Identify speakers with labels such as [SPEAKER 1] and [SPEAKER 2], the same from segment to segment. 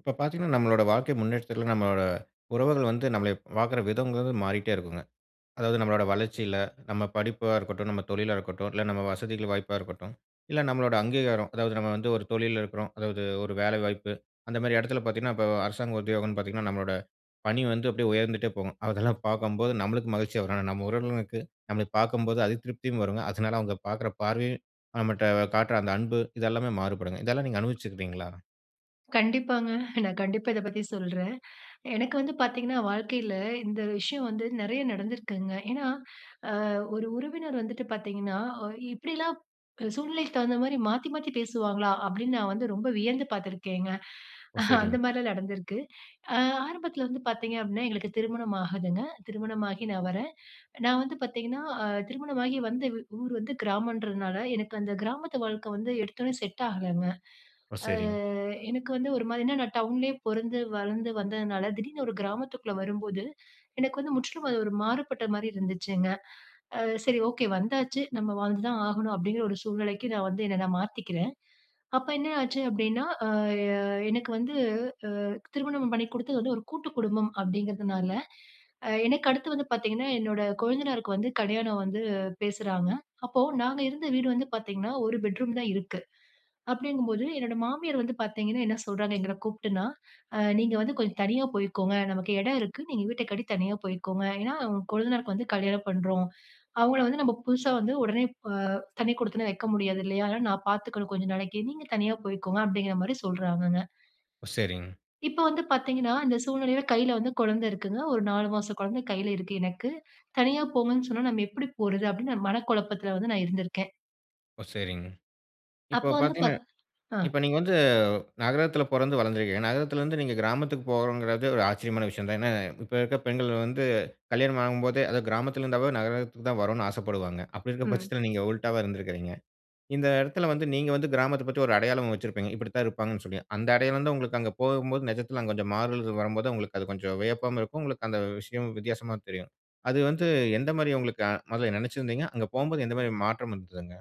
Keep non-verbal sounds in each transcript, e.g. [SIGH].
[SPEAKER 1] இப்ப பாத்தீங்கன்னா, நம்மளோட வாழ்க்கை முன்னேற்றத்துல நம்மளோட உறவுகள் வந்து நம்மள ப் பாக்குற விதங்கிறது மாறிட்டே இருக்குங்க. அதாவது நம்மளோட வளர்ச்சியில, நம்ம படிப்பா இருக்கட்டும், நம்ம தொழிலா இருக்கட்டும், இல்ல நம்ம வசதிகள் வாய்ப்பா இருக்கட்டும், இல்ல நம்மளோட அங்கீகாரம். அதாவது நம்ம வந்து ஒரு தொழில்ல இருக்கோம். அதாவது ஒரு வேலை வாய்ப்பு. அந்தமாரி எடத்துல பாத்தீங்கன்னா, இப்போ அரசாங்க உத்தியோகன்னு பாத்தீங்கன்னா, நம்மளோட பணி வந்து அப்பிடியே உயர்ந்துட்டே போகும். அதெல்லாம் பாக்கும்போது நம்மளுக்கு மகிழ்ச்சியா வரும். ஆனா, நம்ம உறவினர்களுக்கு நம்மள பாக்கும்போது அதிருப்தியும் வருங்க. அதனால அவுங்க பாக்குற பார்வையும், நம்மட்ட காட்ற அந்த அன்பு, இது எல்லாமே மாறுபடுங்க. இதெல்லாம் நீங்க அனுபவிச்சுக்கீங்களா?
[SPEAKER 2] கண்டிப்பாங்க. நான் கண்டிப்பா இத பத்தி சொல்றேன். எனக்கு வந்து பாத்தீங்கன்னா, வாழ்க்கையில இந்த விஷயம் வந்து நெறைய நடந்திருக்குங்க. ஏன்னா, அ ஒரு உறவினர் வந்துட்டு பாத்தீங்கன்னா, "ஒ இப்பிடிலாம் க் சூழ்நிலைக்கு தகுந்தமாரி மாத்தி மாத்தி பேசுவாங்களா?" அப்பிடீன்னு நான் வந்து ரொம்ப வியந்து பாத்துருக்கேங்க.
[SPEAKER 1] ஓ!
[SPEAKER 2] [CHUCKLES] அந்த
[SPEAKER 1] சரிங்க.
[SPEAKER 2] மாரிலாம் நடந்திருக்கு. அ ஆரம்பத்துல வந்து பாத்தீங்க அப்பிடீன்னா, எங்களுக்கு திருமணம் ஆகுதுங்க. திருமணமாகி நான் வரேன். நான் வந்து பாத்தீங்கன்னா, அ, திருமணமாகி வந்து வ் ஊர் வந்து கிராமன்றதுனால எனக்கு அந்த கிராமத்து வாழ்க்கை வந்து எடுத்தோனே செட் ஆகலங்க.
[SPEAKER 1] ஓ!
[SPEAKER 2] அ
[SPEAKER 1] சரிங்க.
[SPEAKER 2] எனக்கு வந்து ஒருமாரி ஏன்னா நான் டவுன்லயே பொறந்து, வளந்து வந்ததுனால திடீர்னு ஒரு கிராமத்துக்குள்ள வரும்போது, எனக்கு வந்து முற்றிலும் அது ஒரு மாறுபட்டமாரி இருந்துச்சுங்க. அ சரி, ஓகே வந்தாச்சு. நம்ம வாழ்ந்து தான் ஆகணும் அப்பிடீங்கிற ஒரு சூழ்நிலைக்கு நான் வந்து என்ன நான் மாத்திக்கிறேன். அப்போ, என்ன ஆச்சு அப்பிடீன்னா, அ, அ எனக்கு வந்து அ திருமணம் பண்ணி குடுத்தது வந்து ஒரு கூட்டு குடும்பம் அப்பிடீங்கிறதுனால, எனக்கு அடுத்து வந்து பாத்தீங்கன்னா என்னோட கொழுந்தனாருக்கு வந்து கல்யாணம் வந்து பேசுறாங்க. அப்போ நாங்க இருந்த வீடு வந்து பாத்தீங்கன்னா, ஒரு பெட்ரூம் தான் இருக்கு. அப்பிடீங்கும்போது என்னோட மாமியார் வந்து பாத்தீங்கன்னா, என்ன சொல்றாங்க எங்கள கூப்ட்டுன்னா, அ "நீங்க வந்து கொஞ்சம் தனியா போய்க்கோங்க. நமக்கு எடம் இருக்கு. நீங்க வீட்ட கட்டி தனியா போய்க்கோங்க. ஏன்னா கொழுந்தனாருக்கு வந்து கல்யாணம் பண்றோம். அவங்கள வந்து நம்ம புதுசா வந்து ஒடனே ப தனி குடித்தனம் வைக்க முடியாது இல்லையா? அதனால நான் பாத்துக்கணும் கொஞ்ச நாளைக்கு. நீங்க தனியா போயிக்கோங்க" அப்டீங்கிற மாரி சொல்றாங்கங்க.
[SPEAKER 1] ஓ! சரிங்க.
[SPEAKER 2] இப்போ வந்து பாத்தீங்கன்னா, இந்த சூழ்நிலையில கையில வந்து கொழந்த இருக்குங்க. ஒரு 4 மாச கொழந்தை கையில இருக்கு எனக்கு. தனியா போங்கன்னு சொன்னவுன நாம எப்பிடி போறது? அப்பிடீன்னு நான் மன குழப்பத்துல வந்து நான் இருந்துருக்கேன்.
[SPEAKER 1] ஓ! சரிங்க. இப்போ
[SPEAKER 2] அப்போ வந்து
[SPEAKER 1] பாத்தீங்கன்னா
[SPEAKER 2] பாத் அ.
[SPEAKER 1] இப்போ நீங்க வந்து நகரத்துல பொறந்து வளர்ந்துர்க்குறீங்க. நகரத்துலருந்து, நீங்க கிராமத்துக்கு போறோங்கிறது ஒரு ஆச்சரியமான விஷயம் தான். ஏன்னா, இப்ப இருக்க பெண்கள் வந்து கல்யாணம் ஆகும்போதே அது கிராமத்துல இருந்தாவே நகரத்துக்கு தான் வரணும் ஆசப்படுவாங்க. அப்பிடி இருக்கும்
[SPEAKER 2] ம்.
[SPEAKER 1] பட்சத்துல, நீங்க உல்டாவா இருந்துருக்குறீங்க. இந்த இடத்துல வந்து நீங்க வந்து கிராமத்த பத்தி ஒரு அடையாளம் வச்சிருப்பீங்க. இப்பிடித்தான் இருப்பாங்கன்னு சொல்லி. அந்த அடையாளம் தான் உங்களுக்கு அங்க போகும்போது நிஜத்துல அங்க கொஞ்சம் மாறுதல்கள் வரும்போது, உங்களுக்கு அது கொஞ்சம் வியப்பாவும் இருக்கும், உங்களுக்கு அந்த விஷயம் வித்தியாசமா தெரியும். அது வந்து எந்தமாரி உங்களுக்கு அ முதல்ல நெனைச்சுருந்தீங்க? அங்க போகும்போது எந்தமாரி மாற்றம் இருந்ததுங்க?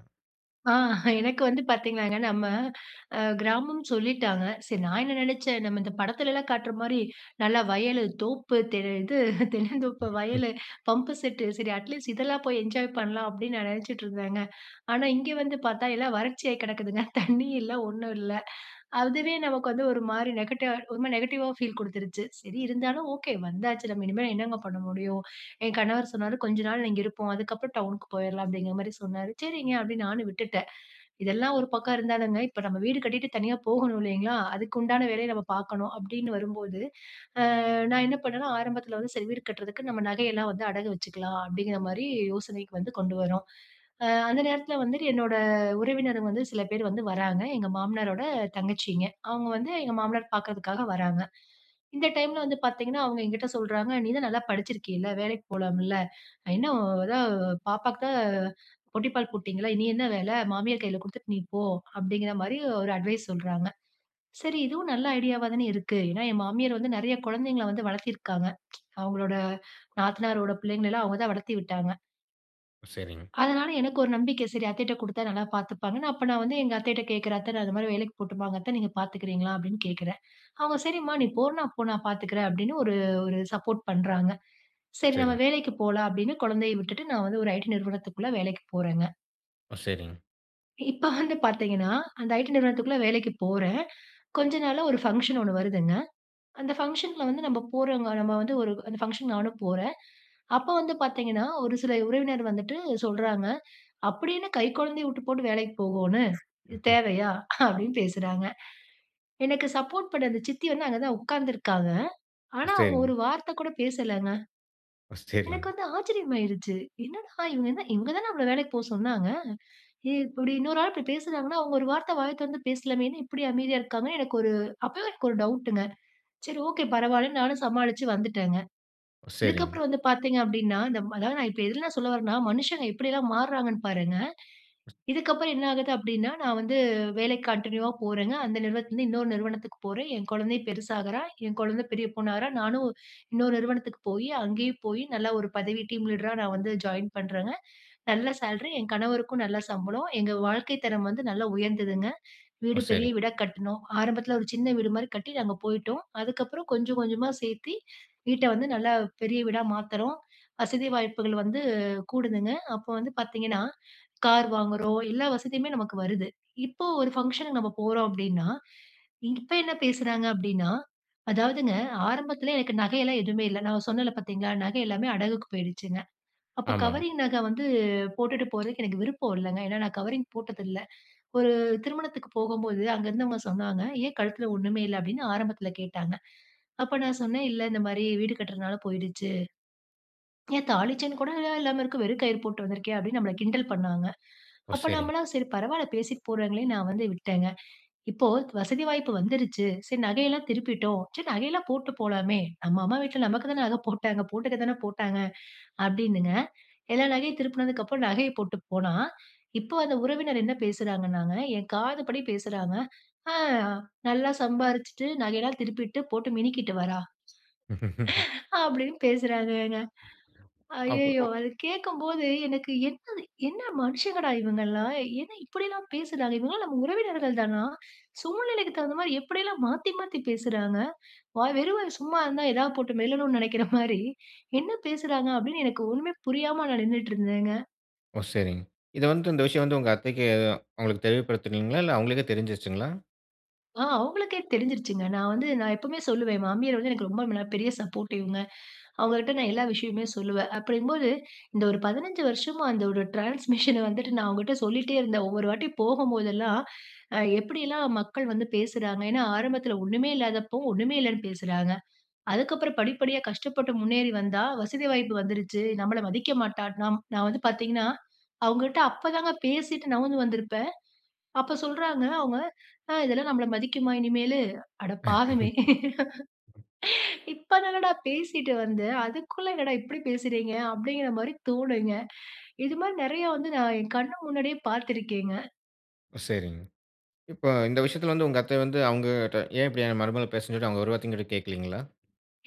[SPEAKER 2] ஆ. [CHUCKLES] எனக்கு வந்து பாத்தீங்கன்னாங்க, நம்ம அ கிராமம் சொல்லிட்டாங்க. சரி நான் என்ன நெனச்சேன், நம்ம இந்த படத்துலலாம் காட்றமாரி நல்லா வயலு, தோப்பு, தெ இது தென்னந்தோப்பு
[SPEAKER 1] [UNINTELLIGIBLE]
[SPEAKER 2] வயல், பம்பு செட்டு, சரி அட்லீஸ்ட் இதெல்லாம் போய் என்ஜாய் பண்ணலாம் அப்பிடீன்னு நான் நெனச்சிட்டு இருந்தேங்க. ஆனா, இங்க வந்து பாத்தா, எல்லாம் வறட்சியா கெடக்குதுங்க. தண்ணி இல்ல, ஒண்ணும் இல்லை அதுவே நமக்கு வந்து ஒருமாரி நெகட்ட ஒருமாரி நெகட்டிவா ஃபீல் குடுத்துருச்சு. சரி இருந்தாலும் ஓகே வந்தாச்சு. நம்ம இனிமே என்னங்க பண்ண முடியும்? என் கணவர் சொன்னாரு, "கொஞ்ச நாள் இங்க இருப்போம். அதுக்கப்பறம் டவுனுக்கு போயிர்லாம்" அப்பிடீங்குற மாரி சொன்னாரு. "சரிங்க", அப்பிடீன்னு நானும் விட்டுட்டேன். இதெல்லாம் ஒரு பக்கம் இருந்தாலுங்க, இப்ப நம்ம வீடு கட்டிட்டு தனியா போகணும் இல்லீங்களா? அதுக்கு உண்டான வேலைய நாம பாக்கணும் அப்பிடீன்னு வரும்போது அ நான் என்ன பண்ணேனா, ஆரம்பத்துல வந்து "சரி வீடு கட்றதுக்கு நம்ம நகையெல்லாம் வந்து அடகு வச்சுக்கலாம்" அப்பிடீங்கிறமாரி யோசனைக்கு வந்து கொண்டு வர்றோம். அ அந்த நேரத்துல வந்துட்டு என்னோட உறவினர்கள் வந்து சில பேர் வந்து வராங்க. எங்க மாமனாரோட தங்கச்சிங்க. அவுங்க வந்து எங்க மாமனார் பாக்குறதுக்காக வராங்க. இந்த டைம்ல வந்து பாத்தீங்கன்னா, அவுங்க என்கிட்ட சொல்றாங்க, "நீ தான் நல்லா படிச்சிருக்கீல! வேலைக்கி போலாம்ல? இன்னும் அதான் பாப்பாவுக்கு புட்டிப்பால் போட்டீங்கள்ல, இனி என்ன வேல? மாமியார் கையில குடுத்துட்டு நீ போ" அப்பிடீங்கிறமாரி ஒரு அட்வைஸ் சொல்றாங்க. சரி இதுவும் நல்ல ஐடியாவா தானே இருக்கு. ஏன்னா என் மாமியார் வந்து நெறைய குழந்தைகள வந்து வளர்த்திருக்காங்க [TSK] அவுங்களோட நாத்தனாரோட பிள்ளைங்கள எல்லாம் அவுங்க தான் வளத்தி விட்டாங்க.
[SPEAKER 1] சரிங்.
[SPEAKER 2] அதனால, எனக்கு ஒரு நம்பிக்கை, சரி. அத்தைட்ட குடுத்தா நல்லா பாத்துப்பாங்கன்னு. அப்போ நான் வந்து, எங்க அத்தைகிட்ட கேக்குறேன், "அத்தை நான் இந்த மாதிரி வேலைக்கு போட்டுமாங்க அத்த? நீங்க பாத்துக்கிறீங்களா?" அப்டீன்னு கேக்குறேன். அவுங்க, "சரிம்மா நீ போறனா, நான் போ, நான் பாத்துக்குறேன்" அப்டீன்னு ஒரு ஒரு சப்போர்ட் பண்றாங்க. "சரி. நம்ம
[SPEAKER 1] சரிங்.
[SPEAKER 2] வேலைக்கு போலாம்" அப்டீன்னு கொழந்தைய விட்டுட்டு, நான் வந்து ஒரு ஐடி நிறுவனத்துக்குள்ள வேலைக்கு போறேங்க.
[SPEAKER 1] ஓ. சரிங்.
[SPEAKER 2] இப்போ வந்து பாத்தீங்கன்னா, அந்த ஐடி நிறுவனத்துக்குள்ள வேலைக்கு போறேன். கொஞ்சம் நாள்ல ஒரு ஃபங்க்ஷன் ஒண்ணு வருதுங்க. அந்த ஃபங்ஷன்ல வந்து நம்ம போறோங்க. நம்ம வந்து ஒரு அந்த ஃபங்ஷன் நானும் போறேன். அப்போ வந்து பாத்தீங்கன்னா, ஒரு சில உறவினர் வந்துட்டு சொல்றாங்க, "அப்புடி என்ன கைகொழந்தையை விட்டுபோட்டு வேலைக்கு போகோணு? இது
[SPEAKER 1] [CHUCKLES]
[SPEAKER 2] தேவையா?" அப்டீன்னு பேசுறாங்க. எனக்கு சப்போர்ட் பண்ண அந்த சித்தி வந்து, அங்க தான் உட்காந்துருக்காங்க. ஆனா, அவுங்க
[SPEAKER 1] சரிங்.
[SPEAKER 2] ஒரு வார்த்த கூட பேசலைங்க.
[SPEAKER 1] ஓ. சரிங்.
[SPEAKER 2] எனக்கு வந்து ஆச்சரியமாயிடுச்சு, என்னடா இவங்க! என்ன இவங்க தானே நம்மள வேலைக்கு போக சொன்னாங்க? ஏன் இப்படி இன்னொரு ஆள் இப்புடி பேசுறாங்கன்னா, அவங்க ஒரு வார்த்தை வாயை தொறந்து பேசலாமே? என்ன இப்படி அமைதியா இருக்காங்கன்னு எனக்கு ஒரு அப்பவே எனக்கு ஒரு டவுட்டுங்க. சரி ஓகே பரவால்லன்னு நானும் சமாளிச்சு வந்துட்டேங்க.
[SPEAKER 1] ஒ. சரிங்.
[SPEAKER 2] இதுக்கப்பறம் வந்து பார்த்தீங்க அப்டீன்னா, இந்த அதாவது நான் இப்போ எதுலா நான் சொல்ல வரேன்னா, மனுஷங்க எப்படியெல்லாம் மாறாங்கன்னு பாருங்க. இதுக்கப்பறம் என்ன ஆகுது அப்டீன்னா, நான் வந்து வேலைக்கு கன்டினியுவா போறேங்க. அந்த நிறுவனத்தில இருந்து இன்னொரு நிறுவனத்துக்கு போறேன். என் கொழந்தையும் பெருசாகுறா. என் கொழந்தை பெரிய பொண்ணாகிறா. நானும் இன்னொரு நிறுவனத்துக்கு போயி அங்கயும் போயி நல்லா ஒரு பதவி டீம் லீடரா நான் வந்து ஜாயின் பண்ணுறேங்க. நல்ல சேலரி, என் கணவருக்கும் நல்ல சம்பளம், எங்க வாழ்க்கை தரம் வந்து நல்லா உயர்ந்ததுங்க.
[SPEAKER 1] ஓ.
[SPEAKER 2] வீடு பெரிய
[SPEAKER 1] சரிங்க.
[SPEAKER 2] வீடா கட்டுனோம். ஆரம்பத்துல ஒரு சின்ன வீடு மாரி கட்டி, நாங்க போய்ட்டோம். அதுக்கப்பறம் கொஞ்சம் கொஞ்சமா சேத்தி, வீட்டை வந்து நல்லா பெரிய வீடா மாத்துறோம், வசதி வாய்ப்புகள் வந்து கூடுதுங்க. அப்போ வந்து பாத்தீங்கன்னா, கார் வாங்குறோம் எல்லா வசதியுமே நமக்கு வருது. இப்போ ஒரு ஃபங்ஷனுக்கு நாம போறோம் அப்டீன்னா, இ இப்போ என்ன பேசுறாங்க அப்டீன்னா அதாவதுங்க ஆரம்பத்துல எனக்கு நகையெல்லாம் எதுவுமே இல்லை. நான் சொன்னேன்ல பாத்தீங்களா, நகை எல்லாமே அடகுக்கு போயிடுச்சுங்க. அப்போ
[SPEAKER 1] ஆமாங்க.
[SPEAKER 2] கவரிங் நகை வந்து போட்டுட்டு போறதுக்கு எனக்கு விருப்பம் இல்லைங்க. ஏன்னா நான் கவரிங் போட்டதில்ல. ஒரு திருமணத்துக்கு போகும்போது அங்கே இருந்தவங்க சொன்னாங்க, "ஏன் கழுத்துல ஒண்ணுமே இல்ல" அப்டீன்னு ஆரம்பத்துல கேட்டாங்க. அப்போ நான் சொன்னேன், "இல்ல இந்த மாரி வீடு கட்றனால போய்டுச்சு". "ஏன் தாலிச்செயின் கூடயா இல்லாம இருக்க? வெறும் கயிறு போட்டு வந்துருக்கியா?" அப்டீன்னு நம்மள கிண்டல் பண்ணாங்க.
[SPEAKER 1] ஓ.
[SPEAKER 2] அப்போ
[SPEAKER 1] செரிங்.
[SPEAKER 2] நம்மலாம் சரி பரவால்ல, பேசிட்டு போறாங்களேன்னு நான் வந்து விட்டேங்க. இப்போ வசதி வாய்ப்பு வந்துருச்சு. "சரி நகையெல்லாம் திருப்பிட்டோம். சரி நகையெல்லாம் போட்டு போலாமே. நம்ம அம்மா வீட்ல நமக்கு தானே நகை போட்டாங்க. போட்டுக்க தானே போட்டாங்க" அப்டீன்னுங்க எல்லா நகையும் திருப்புனதுக்கப்பறம், நகைய போட்டு போனா, "இப்போ அந்த உறவினர் என்ன பேசுறாங்கன்னாங்க, என் காதுபடி பேசுறாங்க, "அ நல்லா சம்பாரிச்சுட்டு, நகையெல்லாம் திருப்பிட்டு, போட்டு மினிக்கிட்டு வரா"
[SPEAKER 1] [CHUCKLES]
[SPEAKER 2] அப்டீன்னு பேசுறாங்கங்க. ஐயய்யோ!
[SPEAKER 1] அப்பறம்.
[SPEAKER 2] அத கேக்கும்போது எனக்கு, "என்னது என்ன மனுஷங்கடா இவங்கலாம்? என்ன இப்படிலாம் பேசுறாங்க? இவங்கலாம் நம்ம உறவினர்கள் தானா? சூழ்நிலைக்கு தகுந்த மாரி எப்படியெல்லாம் மாத்தி மாத்தி பேசுறாங்க? வாய் வெறும் வாய் சும்மா இருந்தா எதாவது போட்டு மெல்லணும்னு நெனைக்கிற [CHUCKLES] மாரி என்ன பேசுறாங்க?" அப்டீன்னு எனக்கு ஒண்ணுமே புரியாம நான் நின்னுட்ருந்தேங்க.
[SPEAKER 1] ஓ, சரிங்க. இத வந்துட்டு இந்த விஷயம் வந்து, உங்க அத்தைக்கு அவுங்களுக்கு தெரியப்படுத்துனீங்களா? இல்ல அவுங்களே தான் தெரிஞ்சிருச்சுங்களா?
[SPEAKER 2] ஆ அவங்களுக்கே தெரிஞ்சுருச்சுங்க. நான் வந்து நான் எப்பவுமே சொல்லுவேன், என் மாமியார் வந்து எனக்கு ரொம்ப மென பெரிய சப்போர்டிவ்ங்க. அவங்கட்ட நான் எல்லா விஷயமுமே சொல்லுவேன். அப்டிங்கும்போது, இந்த ஒரு 15 வருஷமா, அந்த ஒரு ட்ரான்ஸ்மிஷன வந்துட்டு, நான் அவங்கட்ட சொல்லிட்டே இருந்தேன். ஒவ்வொரு வாட்டி போகும்போதெல்லாம், அ எப்படியெல்லாம் மக்கள் வந்து பேசுறாங்க. ஏன்னா, ஆரம்பத்துல ஒண்ணுமே இல்லாதப்போ ஒண்ணுமே இல்லைன்னு பேசுறாங்க, அதுக்கப்புறம் படிப்படியா கஷ்டப்பட்டு முன்னேறி வந்தா, "வசதி வாய்ப்பு வந்துருச்சு நம்மள மதிக்க மாட்டா", நம் நான் வந்து பார்த்தீங்கன்னா, அவங்ககிட்ட அப்பதாங்க பேசிட்டு நவுந்து வந்திருப்பேன். அப்ப சொல்றாங்க அவுங்க, ஆ இதெல்லாம் நம்ம மதிக்குமா இனிமேலு அட பாவமே!
[SPEAKER 1] [LAUGHS]
[SPEAKER 2] [LAUGHS] இப்ப தானடா பேசிட்டு வந்தேன். அதுக்குள்ள என்னடா இப்டி பேசுறீங்க? அப்டிங்கிற மாரி தோணுங்க. இது மாரி நெறைய வந்து நான் என் கண்ணு முன்னாடியே பார்த்திருக்கேங்க.
[SPEAKER 1] சரிங்க. இப்ப இந்த விஷயத்துல வந்து, உங்க அத்த வந்து, அவுங்கட்ட ஏன் இப்டி மருமகள பேசுனீங்கன்னு சொல்லி அவுங்க ஒரு வார்த்த கூட கேட்கலீங்களா?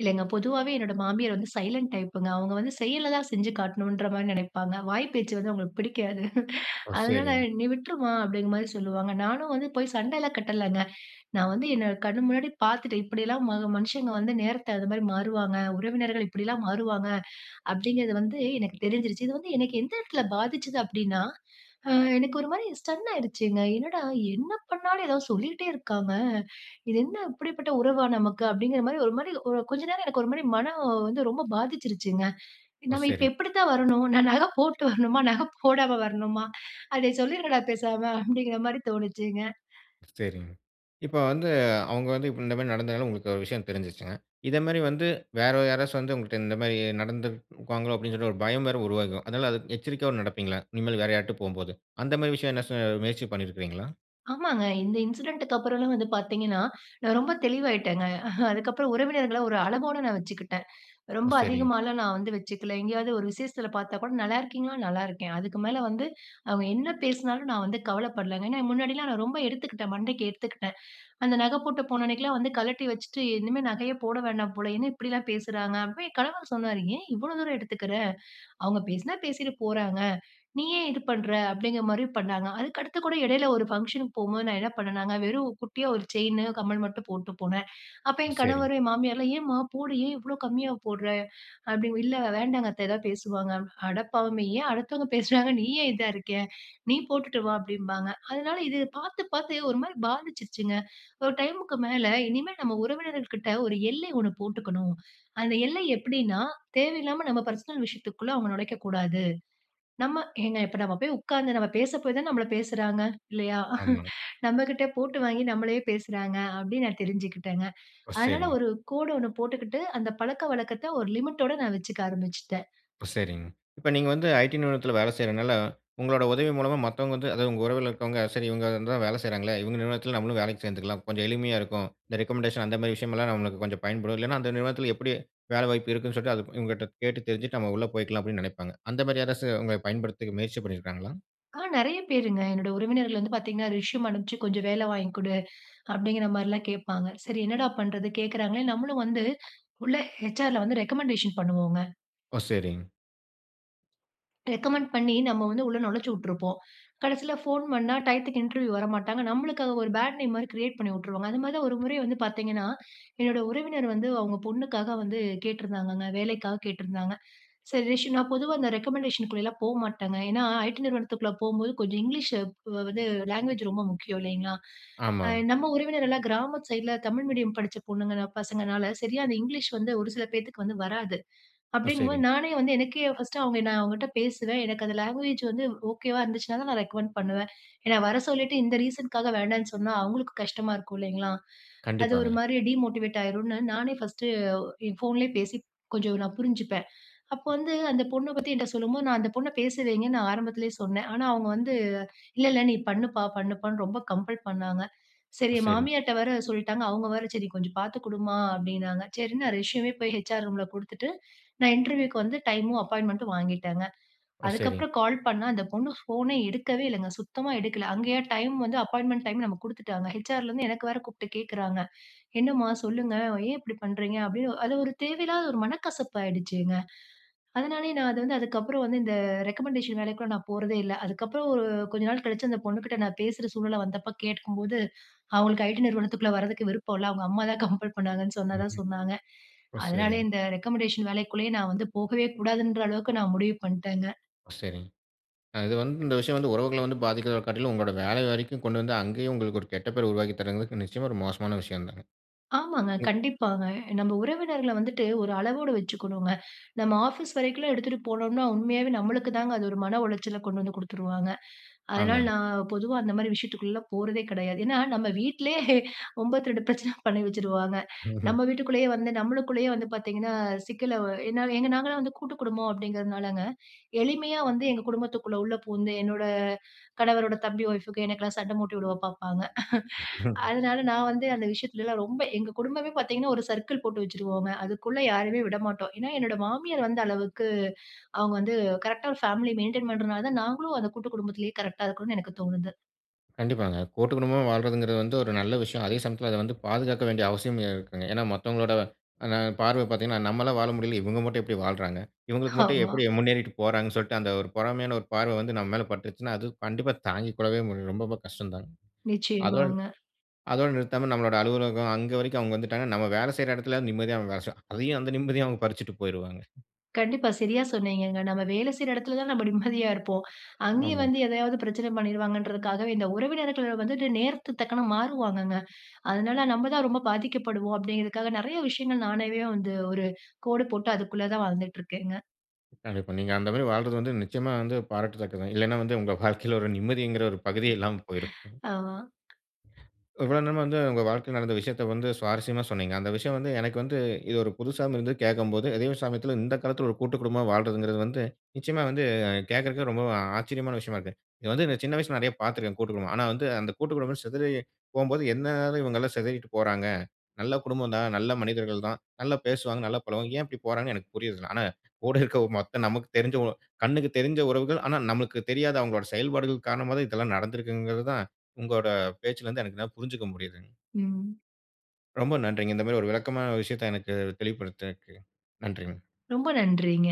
[SPEAKER 2] இல்லங்க, பொதுவாவே என்னுடைய மாமியார் வந்து சைலன்ட் டைப்புங்க. அவுங்க வந்து செயல்ல தான் செஞ்சு காட்டணும்ன்ற மாரி நெனைப்பாங்க. வாய் பேச்சு வந்து அவுங்களுக்கு பிடிக்காது. [CHUCKLES]
[SPEAKER 1] ஓ,
[SPEAKER 2] அதனால
[SPEAKER 1] சரிங்க.
[SPEAKER 2] நீ விட்ருமா, அப்டிங்கிற மாரி சொல்லுவாங்க. நானும் வந்து போய் சண்டைலாம் கட்டலங்க. நான் வந்து என்னோட கண்ணு முன்னாடி பார்த்துட்டேன். இப்படிலாம் ம மனுஷங்க வந்து நேரத்த அது மாரி மாறுவாங்க, உறவினர்கள் இப்டிலாம் மாறுவாங்க, அப்டிங்கிறது வந்து எனக்கு தெரிஞ்சிருச்சு. இது வந்து எனக்கு எந்த எடத்துல பாதிச்சுது அப்டின்னா, அ எனக்கு ஒரு மாதிரி ஸ்டன் ஆயிடுச்சுங்க. என்னடா, என்ன பண்ணாலும் ஏதாவது சொல்லிக்கிட்டே இருக்காங்க! இது என்ன இப்படிப்பட்ட உறவா நமக்கு? அப்டிங்கிற மாரி ஒரு மாதிரி, ஒரு கொஞ்ச நேரம் எனக்கு ஒரு மாரி மனம் வந்து ரொம்ப பாதிச்சிருச்சுங்க.
[SPEAKER 1] ஓ,
[SPEAKER 2] நம்ம இப்ப
[SPEAKER 1] சரிங்க.
[SPEAKER 2] எப்டி தான் வரணும்? நான் நகை போட்டு வரணுமா? நகை போடாம வரணுமா? அடேய் சொல்லிடுங்கடா பேசாம, அப்டிங்கிற மாதிரி தோணுச்சுங்க.
[SPEAKER 1] சரிங்க. இப்ப வந்து அவுங்க வந்து, இந்த மாரி நடந்ததால உங்களுக்கு ஒரு விஷயம் தெரிஞ்சுருச்சுங்க. இத மாரி வந்து வேற யாராச்சும் வந்து உங்கள்ட்ட, இந்த மாரி நடந்துக்குவாங்களோ அப்டினு சொல்லி ஒரு பயம் வேற உருவாகும். அதுனால அது எச்சரிக்கையாவும் நடப்பீங்களா, இனிமேல் வேற யார்கிட்டயாவது போகும்போது. அந்த மாரி விஷயம் எதுனாச்சும் முயற்சி பண்ணிருக்கிங்களா?
[SPEAKER 2] ஆமாங்க. இந்த இன்சிடென்ட்டுக்கு அப்பறன்லாம் வந்து பார்த்தீங்கன்னா, நான் ரொம்ப தெளிவாயிட்டேங்க. அ அதுக்கப்புறம் உறவினர்கள ஒரு அளவோட நான் வச்சுக்கிட்டேன்.
[SPEAKER 1] ஓ!
[SPEAKER 2] ரொம்ப
[SPEAKER 1] சரிங்.
[SPEAKER 2] அதிகமாகலாம் நான் வந்து வச்சுக்கல. எங்கேயாவது ஒரு விஷேசத்தில பார்த்தா கூட, நல்லாருக்கீங்ளா? நல்லாருக்கேன். அதுக்கு மேல வந்து அவங்க என்ன பேசினாலும், நான் வந்து கவலப்படலங்க. ஏன்னா, முன்னாடிலாம் நான் ரொம்ப எடுத்துக்கிட்டேன். மண்டைக்கு எடுத்துக்கிட்டேன். அந்த நகை போட்டு போன அன்னக்கிலாம் வந்து, கழட்டி வச்சுட்டு இனிமே நகையே போட வேணாம் போல. என்ன இப்பிடிலாம் பேசுறாங்க? அப்பயும் கணவர் சொன்னாரு, ஏன் இவ்ளோ தூரம் எடுத்துக்கிற? அவுங்க பேசினா பேசிட்டு போறாங்க. நீ ஏன் இது பண்ற? அப்பிடிங்கிறமாரி பண்ணாங்க. அதுக்கு அடுத்துகூட இடையில ஒரு ஃபங்ஷனுக்கு போம்போது, நான் என்ன பண்ணேனாங்க வெறும் குட்டியா ஒரு செயினு, கம்மல் மட்டும் போட்டு போனேன். அப்ப
[SPEAKER 1] ஓ!
[SPEAKER 2] என்
[SPEAKER 1] சரிங்.
[SPEAKER 2] கணவர், என் மாமியார்லாம், ஏன்ம்மா போடு! ஏன் இவ்ளோ கம்மியா போட்ற? அப்பிடி இல்ல வேண்டாங்க அத்த. எதாவது பேசுவாங்க. அடப்பாவமே! ஏன் அடுத்தவங்க பேசுறாங்கனு நீ ஏன் இதா இருக்கே? நீ போட்டுட்டு வா! அப்பிடிம்பாங்க. அதனால இது பார்த்து, பார்த்து ஒருமாரி பாதிச்சிருச்சுங்க. ஒரு டைம்க்கு மேல, இனிமே நம்ம உறவினர்கள்கிட்ட ஒரு எல்லை ஒன்னு போட்டுக்கணும். அந்த எல்லை எப்பிடின்னா, தேவையில்லாம நம்ம பர்சனல் விஷயத்துக்குள்ள அவங்க நொலைக்ககூடாது. நம்ம ஏங்க இப்ப நம்ம போய் உட்கார்ந்து நம்ம பேச போய் தான, நம்மள பேசுறாங்க இல்லயா?
[SPEAKER 1] ஆமா.
[SPEAKER 2] நம்மகிட்ட போட்டு வாங்கி நம்மளயே பேசுறாங்க அப்பிடின்னு நான் தெரிஞ்சுக்கிட்டேங்க.
[SPEAKER 1] ஒ!
[SPEAKER 2] அதனால
[SPEAKER 1] சரிங்.
[SPEAKER 2] ஒரு கோடு ஒன்னு போட்டுக்கிட்டு, அந்த பழக்கவழக்கத்த ஒரு லிமிட்டோட நான் வச்சுக்க ஆரம்பிச்சுட்டேன்.
[SPEAKER 1] ஓ! சரிங். இப்ப நீங்க வந்து ஐடி நிறுவனத்துல வேல செய்றனால, உங்களோட உதவி மூலமா மத்தவங்க வந்து அதாவது உங்க உறவுல இருக்கவங்க, சரி இவுங்க தான் வேல செய்றாங்களே! இவுங்க நிறுவனத்துல நம்மளும் வேலைக்கு சேர்ந்துக்கலாம். கொஞ்சம் எளிமையா இருக்கும். இந்த ரெக்கமெண்டேஷன் அந்தமாரி விஷயம்லாம் நம்மளுக்கு கொஞ்சம் பயன்படும். இல்லன்னா, அந்த நிறுவனத்துல எப்பிடி வேலை வாய்ப்பு இருக்குன்னு சொல்லிட்டு அது இவங்கட்ட கேட்டு தெரிஞ்சுட்டு, நம்ம உள்ள போயிக்கலாம் அப்பிடின்னு நெனைப்பாங்க. அந்தமாரி யாராச்சும் உங்கள பயன்படுத்திக்க முயற்சி பண்ணிருக்காங்களா?
[SPEAKER 2] அ, நிறைய பேருங்க. என்னோட உறவினர்கள் வந்து பாத்தீங்கன்னா ரெஸ்யூம் அனுப்ச்சு "கொஞ்சம் வேல வாங்கி குடு" அப்படிங்கிற மாரிலாம் கேட்பாங்க. சரி என்னடா பண்றது கேக்குறாங்களேன் நம்மளும் வந்து உள்ள, HR ல வந்து ரெக்கமண்டேஷன் பண்ணுவோங்க.
[SPEAKER 1] ஓ சரிங்க.
[SPEAKER 2] ரெக்கமண்ட் பண்ணி, நம்ம வந்து உள்ள நொழச்சி விட்ருப்போம். கடைசில ஃபோன் பண்ணா டையத்துக்கு இன்டர்வியூ வரமாட்டாங்க. நம்மளுக்கு அங்க ஒரு பேட் நேம் மாரி கிரியேட் பண்ணி உட்ருவாங்க. அதுமாரி தான் ஒரு முறை வந்து பார்த்தீங்கன்னா. என்னோட உறவினர் வந்து, அவுங்க பொண்ணுக்காக வந்து கேட்டிருந்தாங்கங்க. வேலைக்காக கேட்டிருந்தாங்க. சரி ரஷ் நான் பொதுவா அந்த ரெக்கமண்டேஷனுக்குள்ளலா போ மாட்டேங்க. ஏன்னா ஐ-டி நிறுவனத்துக்குள்ள போம்போது கொஞ்சம் இங்கிலீஷ் வ்வ வந்து லேங்குவேஜ் ரொம்ப முக்கியம் இல்லைங்களா? அ
[SPEAKER 1] ஆமாங்க.
[SPEAKER 2] நம்ம உறவினர் எல்லாம் கிராமத் சைட்ல தமிழ் மீடியம் படிச்ச பொண்ணுங்கனா பசங்கனால சரியா அந்த இங்கிலீஷ் வந்து ஒரு சில பேத்துக்கு வந்து வராது.
[SPEAKER 1] ஓ
[SPEAKER 2] அப்டடீங்கும் போது
[SPEAKER 1] சரிங்க.
[SPEAKER 2] நானே வந்து எனக்கே பர்ஸ்ட் அவுங்க நான் அவுங்கட்ட பேசுறேன். எனக்கு அந்த லாங்குவேஜ் வந்து ஓகேவா இருந்துச்சுன்னா தான், நான் ரெகமெண்ட் பண்ணுவேன். ஏன்னா வர சொல்லிட்டு இந்த ரீசன்க்காக வேண்டான்னு சொன்னா அவுங்களுக்கும் கஷ்டமா இருக்கும் இல்லைங்களா. அது ஒரு
[SPEAKER 1] கண்டிப்பாங்க.
[SPEAKER 2] மாரி டீமோட்டிவேட் ஆயிருன்னு நானே ஃபஸ்ட்டு, என் ஃபோன்லேயே பேசி கொஞ்சம் நான் புரிஞ்சுப்பேன். அப்போ
[SPEAKER 1] அ.
[SPEAKER 2] வந்து அந்த பொண்ண பத்தி என்ட்ட சொல்லும்போது, நான் அந்த பொண்ண பேச வைங்கன்னு நான் ஆரம்பத்லேயே சொன்னேன். ஆனா அவுங்க வந்து, இல்ல இல்ல நீ பண்ணுப்பா பண்ணுப்பான்னு ரொம்ப கம்பல் பண்ணாங்க. சரி என்
[SPEAKER 1] சரிங்
[SPEAKER 2] மாமியார்ட்ட வேற சொல்ட்டாங்க, அவுங்க வேற "சரி கொஞ்சம் பாத்து குடுமா" அப்படின்னாங்க. சரின்னு, நான் ரெஸ்யூமே போய் HR ரூம்ல் குடுத்துட்டு, நான் இன்டர்வியூக்கு வந்து டைமும் அப்பாயின்மெண்ட்டும் வாங்கிட்டேங்க.
[SPEAKER 1] ஓ சரிங்
[SPEAKER 2] அதுக்கப்புறம் கால் பண்ணா அந்த பொண்ணு ஃபோன எடுக்கவே இல்லங்க. சுத்தமா எடுக்கல. அங்கயா டைம் வந்து அப்பாயின்ட்மென்ட் டைம் நமக்கு குடுத்துட்டாங்க. HR லருந்து எனக்கு வேற கூப்ட்டு கேக்கறாங்க. "என்னம்மா சொல்லுங்க ஏன் இப்டி பண்றீங்க?" அப்டின்னு அது ஒரு தேவையில்லாத ஒரு மனக்கசப்பாயிடுச்சுங்க. அதனாலேயே நான் அது வந்து அதுக்கப்புறம் வந்து இந்த ரெக்கமெண்டேஷன் வேலைக்குள்ள நான் போறதே இல்ல. அதுக்கப்புறம் ஒரு கொஞ்ச நாள் கழிச்சு அந்த பொண்ணுகிட்ட நான் பேசுற சூழ்நிலை வந்தப்ப கேட்கும்போது, அவுங்களுக்கு ஐ-டி நிறுவனத்துக்குள்ள வரதுக்கு விருப்பம் இல்ல. அவுங்க அம்மா தான் கம்பல் பண்ணாங்கன்னு சொன்னதா,
[SPEAKER 1] ம்ஹ்ம்.
[SPEAKER 2] சொன்னாங்க.
[SPEAKER 1] ஓ!
[SPEAKER 2] அதனால
[SPEAKER 1] சரிங்
[SPEAKER 2] இந்த ரெகமெண்டஷன் வேலைக்குள்ளயே நான் வந்து போகவே கூடாதுன்ற அளவுக்கு நான் முடிவு பண்ட்டேங்க.
[SPEAKER 1] சரிங்க. அ இது வந்து இந்த விஷயம் வந்து உறவுகள வந்து பாதிக்கறத காட்டிலும், உங்களோட வேல வரைக்கும் கொண்டு வந்து அங்கேயும் உங்களுக்கு ஒரு கெட்ட பேர் உருவாக்கி தரங்களுக்கு, நிச்சயமா ஒரு மோக்ஷமான விஷயம் தாங்க.
[SPEAKER 2] ஆமாங்க.
[SPEAKER 1] உ
[SPEAKER 2] கண்டிப்பாங்க. நம்ம உறவினர்கள வந்துட்டு ஒரு அளவோடு வச்சுக்கணுங்க. நம்ம ஆஃபீஸ் வரைக்குலாம் எடுத்துட்டு போனோம்னா, உண்மையாவே நம்மளுக்கு தாங்க, அது ஒரு மன உளச்சல கொண்டு வந்து குடுத்துருவாங்க. அதனால
[SPEAKER 1] ஆமாங்க.
[SPEAKER 2] நான் பொதுவா அந்த மாரி விஷயத்துக்குள்ளலாம் போறதே கிடையாது. ஏன்னா நம்ம வீட்டிலயே ஹே 92 பிரச்சன பண்ணி வச்சுறுவாங்க.
[SPEAKER 1] ம்ஹ்ம்.
[SPEAKER 2] நம்ம வீட்டுக்குள்ளேயே வந்து நம்மளுக்குள்ளேயே வந்து பாத்தீங்கன்னா, சிக்கலவு ஏன்னா எங்க நாங்கலாம் வந்து கூட்டு குடும்பம் அப்டிங்கிறதுனாலங்க, எளிமையா வந்து, எங்க குடும்பத்துக்குள்ள உள்ள பூந்து, என்னோட, கணவரோட தம்பி ஒய்ஃபுக்கு எனக்கெல்லாம் சண்ட மூட்டி உட பாப்பாங்க. [CHUCKLES]
[SPEAKER 1] [CHUCKLES]
[SPEAKER 2] அதனால நான் வந்து அந்த விஷயத்திலல்லாம் ரொம்ப எங்க குடும்பமே பாத்தீங்கன்னா ஒரு சர்க்கிள் போட்டு வச்சுருவோங்க. அதுக்குள்ளே யாரையுமே விடமாட்டோம். ஏன்னா என்னுடைய மாமியார் வந்து அளவுக்கு அவுங்க வந்து கரெக்ட்டா ஒரு ஃபேமிலி மெயின்டெயின் பண்றதனால தான் நாங்களும் அந்த கூட்டு குடும்பத்லயே கரெக்ட்டா இருக்கணுன் எனக்கு தோணுது.
[SPEAKER 1] கண்டிப்பாங்க. கூட்டு குடும்பமா வால்றதுங்கறது வந்து ஒரு நல்ல விஷயம். அதே சமயத்துல அத வந்து பாதுகாக்க வேண்டிய அவசியம் இருக்குங்க. ஏன்னா மத்தவங்களோட அ பார்வ பாத்தீங்கன்னா, "நம்மளால வாழ முடியல இவங்க மட்டும் எப்டி வாழ்றாங்க? இவங்களுக்கு மட்டும்
[SPEAKER 2] ஆமா.
[SPEAKER 1] எப்டி முன்னேறிட்டு போறாங்க"னு சொல்ட்டு அந்த ஒரு பொறாமையான ஒரு பார்வ வந்து நம்ம மேல பட்ருச்சுன்னா, அது கண்டிப்பா தாங்கிக்கொள்ளவே ரொம்ப கஷ்டம் தான்ங்க. அதோட
[SPEAKER 2] நிச்சயமாங்க.
[SPEAKER 1] அதோட நிறுத்தாம நம்மளோட அலுவலகம் அங்க வரைக்கும் அவங்க வந்துட்டாங்கன்னா, நம்ம வேல செய்ற எடத்துலயாவது நிம்மதியா வெல செய்வோம். அதையும் அந்த நிம்மதியயும் அவங்க பறிச்சுட்டு போயிருவாங்க.
[SPEAKER 2] கண்டிப்பா. சரியா சொன்னீங்கங்க. நம்ம வேலை செய்ற எடத்துல தான் நம்ம நிம்மதியா இருப்போம். அங்கேயும்
[SPEAKER 1] ஆமாங்க.
[SPEAKER 2] வந்து எதையாவது பிரச்சனை பண்ணிடுவாங்கன்றதுக்காகவே, இந்த உறவினர்கள் வந்துட்டு நேரத்துக்கு தக்கன மாறுவாங்கங்க. அதனால, நம்ம தான் ரொம்ப பாதிக்கப்படுவோம் அப்படிங்கிறதுக்காக, நெறைய விஷயங்கள் நானாவே வந்து, ஒரு கோடு போட்டு அதுக்குள்ள தான் வாழ்ந்துட்டு இருக்கேங்க.
[SPEAKER 1] கண்டிப்பா. நீங்க அந்த மாரி வாழ்றது வந்து நிச்சயமா வந்து பாராட்டத்தக்கது. இல்லைனா வந்து உங்க வாழ்க்கைல ஒரு நிம்மதின்கிற ஒரு பகுதியே
[SPEAKER 2] ம்,
[SPEAKER 1] இல்லாம போயிருக்கும்.
[SPEAKER 2] ஆமா.
[SPEAKER 1] இவ்வளவு நேரமா வந்து ஒங்க வாழ்க்கையில நடந்த விஷயத்த வந்து சுவாரசியமா சொன்னீங்க. அந்த விஷயம் வந்து எனக்கு வந்து, இது ஒரு புதுசாவும் இருந்தது கேக்கும்போது அதயும் சமயத்துல இந்த காலத்துல ஒரு கூட்டு குடும்பமா வாழ்றதுங்கறது வந்து, நிச்சயமா வந்து கேக்குறதுக்கே ரொம்ப ஆச்சரியமான விஷயமா இருக்கு. இத வந்து சின்ன வயசுல நறைய பாத்திருக்கேன், கூட்டு குடும்பம். ஆனா, வந்து அந்த கூட்டு குடும்பம் சிதறி போகும்போது, எதுனால இவங்கலாம் சிதறிட்டு போறாங்க, நல்ல குடும்பம் தான், நல்ல மனிதர்கள் தான், நல்ல பேசுவாங்க, நல்ல பழகுவாங்க. ஏன் இப்டி போறாங்கன்னு எனக்கு புரியல. ஆனா, கூட இருக்ற மொத்த நமக்கு தெரிஞ்ச கண்ணுக்கு தெரிஞ்ச உறவுகள் ஆனா, நமக்கு தெரியாத அவங்களோட செயல்பாடுகள் காரணமாதான் இதெல்லாம் நடந்திருக்குங்கறத தான், உங்களோட பேச்சுலருந்து என்னால புரிஞ்சுக்க முடியுதுங்க.
[SPEAKER 2] ம்.
[SPEAKER 1] ரொம்ப நன்றிங்க, இந்த மாரி ஒரு விளக்கமான விஷயத்த எனக்கு தெளிவுபடுத்துனதுக்கு, நன்றிங்க.
[SPEAKER 2] ரொம்ப நன்றிங்க.